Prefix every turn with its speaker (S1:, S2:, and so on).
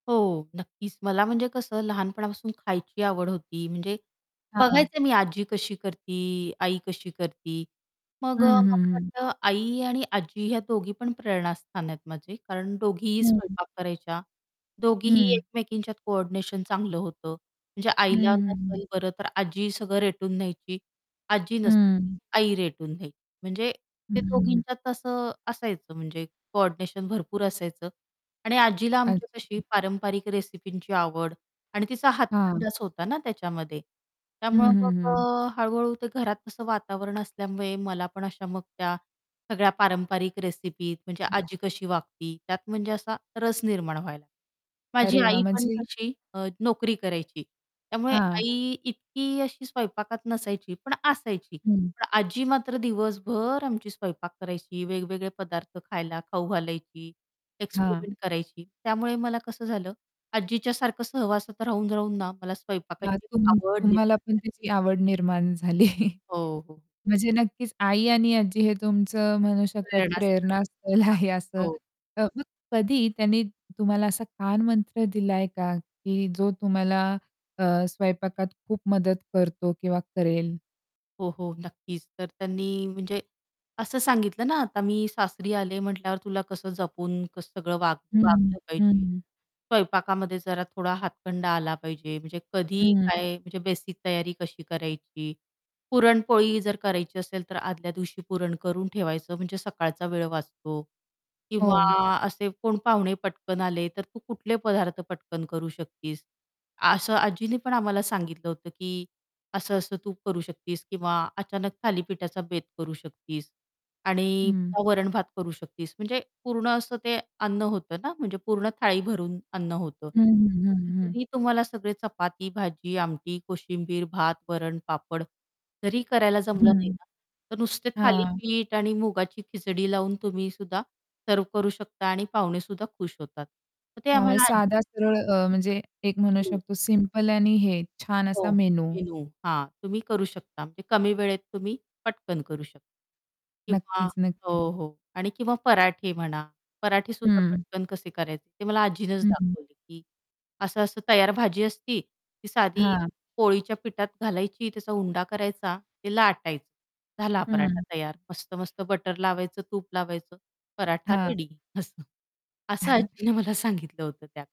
S1: हो नक्कीच. मला म्हणजे कसं लहानपणापासून खायची आवड होती, म्हणजे
S2: हां.
S1: बघायचं मी आजी कशी करती, आई कशी करती, मग
S2: हं,
S1: अ, मला
S2: हं, हं.
S1: वाटतं आई आणि आजी या दोघी पण प्रेरणास्थान आहेत माझे, कारण दोघीही
S2: हं.
S1: स्वयंपाक करायच्या. दोघीही
S2: हं.
S1: एकमेकींच्यात कोऑर्डिनेशन चांगलं होतं म्हणजे
S2: हं,
S1: आईला
S2: हं, हं.
S1: नसेल बरं, तर आजी सगळं रेटून घ्यायची. आजी नसली की
S2: हं.
S1: आई रेटून घ्यायची. म्हणजे ते
S2: हं.
S1: दोघींच्यात असं असायचं म्हणजे कोऑर्डिनेशन भरपूर असायचं आणि आजीला आमची तशी
S2: अच्छा.
S1: पारंपरिक रेसिपींची आवड आणि तिचा
S2: हां.
S1: हातखंडाच होता ना, त्याच्यामध्ये
S2: हं,
S1: त्यामुळं
S2: हं,
S1: मग
S2: हं.
S1: अ, हळू-हळू ते घरात असं वातावरण असल्यामुळे मला पण अशा मग त्या सगळ्या पारंपरिक रेसिपी म्हणजे आजी कशी वागती, त्यात म्हणजे असा रस निर्माण व्हायला माझी
S2: अरे वाह
S1: आई पण
S2: म्हणजे
S1: कशी अ, नोकरी करायची. त्यामुळे
S2: हां.
S1: आई इतकी अशी स्वयंपाकात नसायची, पण असायची.
S2: हं.
S1: पण आजी मात्र दिवसभर आमची स्वयंपाक करायची, वेगवेगळे पदार्थ खायला खाऊ घालायची
S2: हां.
S1: एक्सपेरिमेंट करायची त्यामुळे मला कसं झालं आजीच्यासारखं सहवासात राहून-राहून ना मला
S2: हां,
S1: स्वयंपाकाची
S2: तुम
S1: आवड
S2: तुम्हाला
S1: निर्माण
S2: पण
S1: झाली.
S2: त्याची आवड निर्माण झाली
S1: हो, हो.
S2: म्हणजे नक्कीच आई आणि आज्जी हे तुमचं म्हणू शकतात,
S1: प्रेरणास्थान.
S2: प्रेरणा स्थल
S1: हां,
S2: आहे असं
S1: हो.
S2: अ, मग कधी त्यांनी तुम्हाला असा कानमंत्र दिलाय का? की जो तुम्हाला अ, स्वयंपाकात खूप मदत करतो किंवा करेल?
S1: हो, हो, नक्कीच. तर त्यांनी म्हणजे असं सांगितलं ना आता मी सासरी आले म्हटल्यावर तुला कसं जपून कसं सगळं वाग
S2: हं,
S1: वागलं पाहिजे,
S2: हं.
S1: स्वयंपाकामध्ये जरा थोडा हातखंडा आला पाहिजे, म्हणजे कधी
S2: हं.
S1: काय म्हणजे बेसिक तयारी कशी करायची. पुरणपोळी जर करायची असेल तर आदल्या दिवशी पुरण करून ठेवायचं, म्हणजे सकाळचा वेळ वाचतो. किंवा
S2: हो.
S1: असे कोण पाहुणे पटकन आले, तर तू कुठले पदार्थ पटकन करू शकतीस, असं आजींनी पण आम्हाला सांगितलं होतं, की असं असं तू करू शकतीस. किंवा अचानक थालीपीठाचा बेत करू शकतीस. आणि
S2: हं.
S1: वरण-भात करू शकतीस, म्हणजे पूर्ण असं ते अन्न होतं ना, म्हणजे पूर्ण थाळी भरून अन्न होतं.
S2: हं, हं, हं, हं.
S1: तरी तुम्हाला सगळे चपाती, भाजी, आमटी, कोशिंबीर, भात, वरण, पापड तरीही करायला जमलं नाही
S2: हं,
S1: ना तर नुसते
S2: हां.
S1: थालीपीठ आणि मुगाची खिचडी लावून तुम्ही सुद्धा सर्व्ह करू शकता आणि पाहुणे सुद्धा खुश होतात. तर ते
S2: हां, म्हणजे
S1: आम्हाला
S2: साधा
S1: आजी
S2: सरळ अ, म्हणजे एक म्हणू
S1: हं.
S2: शकतो सिंपल आणि हे छान असा
S1: हो
S2: मेनू.
S1: मेनू हां, तुम्ही करू शकता म्हणजे कमी वेळेत तुम्ही पटकन करू शकता. किंवा
S2: नक्कीच, नक्कीच.
S1: हो, हो. आणि किंवा पराठे म्हणा पराठेसुद्धा
S2: हं.
S1: पटकन कसे करायचे ते मला आजीनच
S2: हं, हं.
S1: दाखवले, की असं-असं तयार भाजी असती, ती साधी
S2: हां.
S1: पोळीच्या पिठात घालायची, त्याचा उंडा करायचा, ते लाटायचं, झाला पराठा
S2: हं.
S1: तयार मस्त-मस्त बटर लावायचं, तूप लावायचं, पराठा
S2: हां.
S1: रेडी असं. असं आजीने मला सांगितलं होतं त्यात.